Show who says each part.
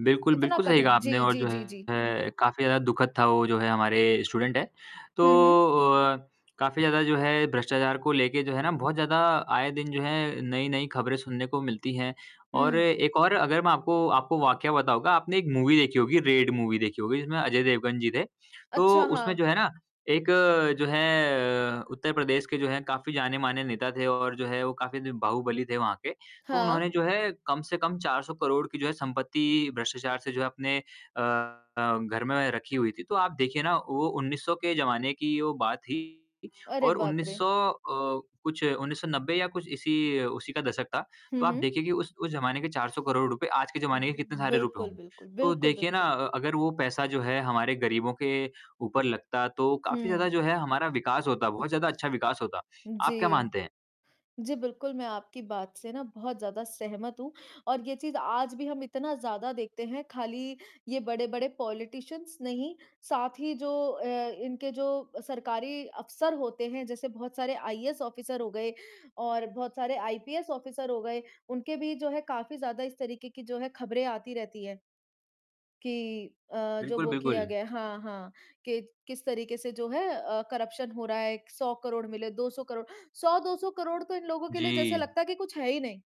Speaker 1: बिल्कुल,
Speaker 2: इतना
Speaker 1: बिल्कुल सही कहा
Speaker 2: कठिन। जी,
Speaker 1: आपने और
Speaker 2: जी,
Speaker 1: जो
Speaker 2: जी, जी।
Speaker 1: है काफ़ी ज़्यादा दुखद था, वो जो है हमारे स्टूडेंट है, तो
Speaker 2: हुँ, हुँ।
Speaker 1: अ, काफ़ी ज़्यादा जो है भ्रष्टाचार को लेके जो है ना बहुत ज़्यादा आए दिन जो है, नई-नई खबरें सुनने को मिलती हैं और
Speaker 2: हुँ।
Speaker 1: एक और अगर मैं आपको आपको वाकया बताऊँगा, आपने एक मूवी देखी होगी, रेड मूवी देखी होगी जिसमें अजय देवगन जी थे। तो
Speaker 2: अच्छा,
Speaker 1: उसमें
Speaker 2: हाँ।
Speaker 1: जो है ना एक जो है, उत्तर प्रदेश के जो है काफ़ी जाने-माने नेता थे और जो है वो काफ़ी बाहुबली थे वहाँ के। तो उन्होंने
Speaker 2: हाँ।
Speaker 1: जो है कम से कम 400 करोड़ की जो है संपत्ति भ्रष्टाचार से जो अपने अ अ, घर में रखी हुई थी। तो आप देखिए ना वो 1900 के ज़माने की वो बात थी
Speaker 2: अरे,
Speaker 1: और
Speaker 2: बाप
Speaker 1: उन्नीस
Speaker 2: रे!
Speaker 1: सौ अ, कुछ 1990 या कुछ इसी उसी का दशक था।
Speaker 2: हुँ,
Speaker 1: तो आप
Speaker 2: हुँ।
Speaker 1: देखिए कि उस उस जमाने के 400 करोड़ रुपए आज के जमाने के कितने
Speaker 2: हुँ,
Speaker 1: सारे रुपए
Speaker 2: बिल्कुल,
Speaker 1: होंगे,
Speaker 2: बिल्कुल।
Speaker 1: तो
Speaker 2: बिल्कुल,
Speaker 1: देखिए ना
Speaker 2: बिल्कुल।
Speaker 1: अ, अगर वो पैसा जो है, हमारे गरीबों के ऊपर लगता, तो काफ़ी
Speaker 2: हुँ।
Speaker 1: ज़्यादा जो है हमारा विकास होता, बहुत ज़्यादा अच्छा विकास होता। आप क्या
Speaker 2: जी।
Speaker 1: मानते हैं?
Speaker 2: जी, बिल्कुल मैं आपकी बात से ना बहुत ज़्यादा सहमत हूँ और ये चीज़ आज भी हम इतना ज़्यादा देखते हैं, खाली ये बड़े-बड़े पॉलिटिशियंस नहीं, साथ ही जो अ, इनके जो सरकारी अफसर होते हैं, जैसे बहुत सारे आईएएस ऑफ़िसर हो गए और बहुत सारे आईपीएस ऑफ़िसर हो गए, उनके भी जो है काफ़ी ज़्यादा इस तरीके की खबरें आती रहती हैं कि अ, जो
Speaker 1: बिल्कुल,
Speaker 2: वो किया
Speaker 1: बिल्कुल।
Speaker 2: गया हाँ, हाँ कि किस तरीके से जो है अ, करप्शन हो रहा है, 100 करोड़ मिले, 200 करोड़ 100-200 करोड़ तो इन लोगों के लिए जैसे
Speaker 1: जी।
Speaker 2: लगता है कि कुछ है ही नहीं।